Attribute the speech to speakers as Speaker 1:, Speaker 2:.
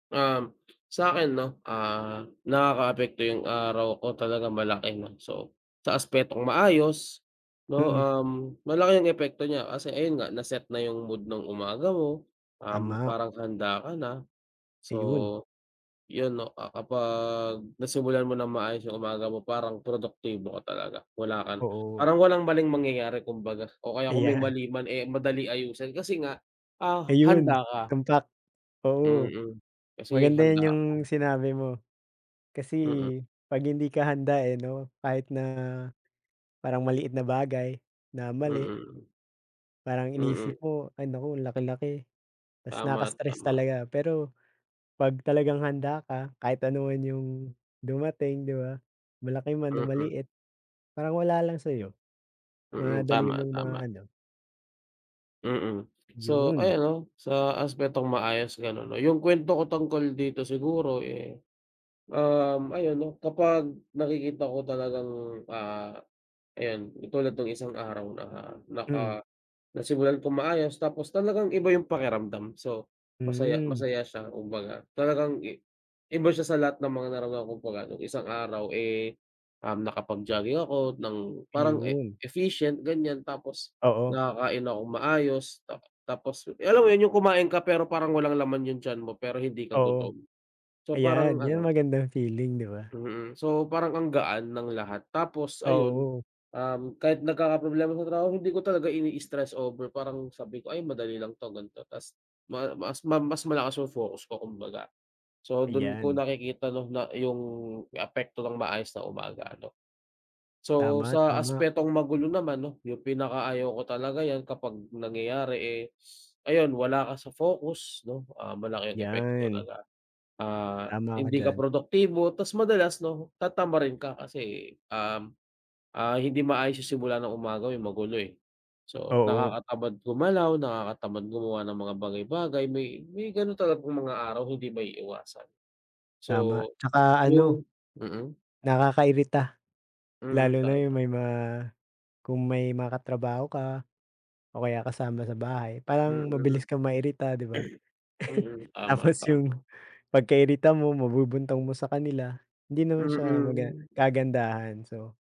Speaker 1: Um, sa'kin 'no, ah, nakakaapekto 'yung araw ko talaga malaki 'no. So, sa aspetong maayos 'no,
Speaker 2: Mm.
Speaker 1: um, malaki 'yung epekto niya, kasi ayun nga na-set na 'yung mood ng umaga mo. Um,
Speaker 2: Tama.
Speaker 1: parang handa ka na, so
Speaker 2: Ayun.
Speaker 1: 'yun 'no, ah, kapag nasimulan mo ng maayos 'yung umaga mo parang produktibo ka talaga. Wala ka na
Speaker 2: Oo.
Speaker 1: parang walang maling mangyayari kumbaga o kaya kung may
Speaker 2: Ayan.
Speaker 1: mali man, eh, madali ayusin. Kasi nga, ah,
Speaker 2: Ayun,
Speaker 1: handa ka.
Speaker 2: tumpak. Oo.
Speaker 1: Mm. Kasi,
Speaker 2: Maganda
Speaker 1: handa
Speaker 2: 'yun 'yung
Speaker 1: ako.
Speaker 2: sinabi mo kasi
Speaker 1: Mm.
Speaker 2: 'pag hindi ka handa, eh, 'no, kahit na parang maliit na bagay na
Speaker 1: Mm,
Speaker 2: mali
Speaker 1: mm.
Speaker 2: parang
Speaker 1: Mm.
Speaker 2: iniisip mo ay naku ang laki-laki, tas
Speaker 1: Tama,
Speaker 2: nakaka-stress
Speaker 1: tama.
Speaker 2: talaga. Pero pag talagang handa ka kahit anuman 'yung dumating, di ba, malaki man o
Speaker 1: Mm.
Speaker 2: maliit parang wala lang sa'yo,
Speaker 1: Mm,
Speaker 2: madali
Speaker 1: tama,
Speaker 2: mong
Speaker 1: tama.
Speaker 2: maano.
Speaker 1: Mm. So
Speaker 2: 'Yun.
Speaker 1: ayun 'no, sa aspetong maayos gano'n. O 'yung kuwento ko tungkol dito siguro, eh, um, ayun 'no, kapag nakikita ko talagang, ah, ayun katulad no'ng isang araw na naka
Speaker 2: Mm.
Speaker 1: nasimulan kong maayos tapos talagang iba 'yung pakiramdam, so masaya
Speaker 2: Hmm.
Speaker 1: masaya siya kumbaga. Talagang i iba siya sa lahat ng mga narana kumbaga no'ng isang araw, eh, um, nakapag-jogging ako ng parang e
Speaker 2: 'Yun.
Speaker 1: efficient ganiyan, tapos
Speaker 2: Oo.
Speaker 1: nakakain akong maayos. Ta tapos 'yung alam mo 'yun 'yung kumain ka pero parang walang laman 'yung tiyan mo, pero hindi ka
Speaker 2: Oo.
Speaker 1: gutom? So
Speaker 2: Ayan
Speaker 1: parang
Speaker 2: 'yung
Speaker 1: ano
Speaker 2: magandang feeling, di ba?
Speaker 1: Mm, so parang ang gaan ng lahat. Tapos ayun,
Speaker 2: Oo.
Speaker 1: um, kahit nagkakaproblema [unintelligible] hindi ko talaga ini-stress over, parang sabi ko, "Ay madali lang 'to." gan'to. Ta's maa mas ma mas malakas 'yung focus ko kumbaga. So do'n ko
Speaker 2: Ayan.
Speaker 1: nakikita nung na 'yung apekto ng maayos na umaga ano. So
Speaker 2: Tama,
Speaker 1: sa
Speaker 2: tama.
Speaker 1: aspetong magulo naman 'no, 'yung pinaka-ayaw ko talaga 'yan kapag nangyayari, eh, ayun wala ka sa focus 'no? Ah, malaki 'yung epekto
Speaker 2: 'Yan.
Speaker 1: talaga. Ah,
Speaker 2: Tama ka
Speaker 1: hindi ka
Speaker 2: diyan.
Speaker 1: produktibo tas madalas 'no, tatamarin ka kasi, um, ah, hindi maayos 'yung simula ng umaga mo may magulo, eh. So
Speaker 2: Oo.
Speaker 1: nakakatamad gumalaw, nakakatamad gumawa ng mga bagay-bagay. May may gano'n talagang mga araw hindi maiiwasan.
Speaker 2: Tama,
Speaker 1: So
Speaker 2: tsaka ano
Speaker 1: 'yung mm.
Speaker 2: nakakairita
Speaker 1: Mm,
Speaker 2: lalo na 'yung
Speaker 1: tama.
Speaker 2: may ma kung may makatrabaho ka o kaya kasama sa bahay parang
Speaker 1: Mm.
Speaker 2: mabilis kang mairita, di ba?
Speaker 1: Mm. Tama,
Speaker 2: Tapos 'yung
Speaker 1: tama.
Speaker 2: pagka-irita mo mabubuntong mo sa kanila, hindi naman siya maga
Speaker 1: Mm.
Speaker 2: kagandahan so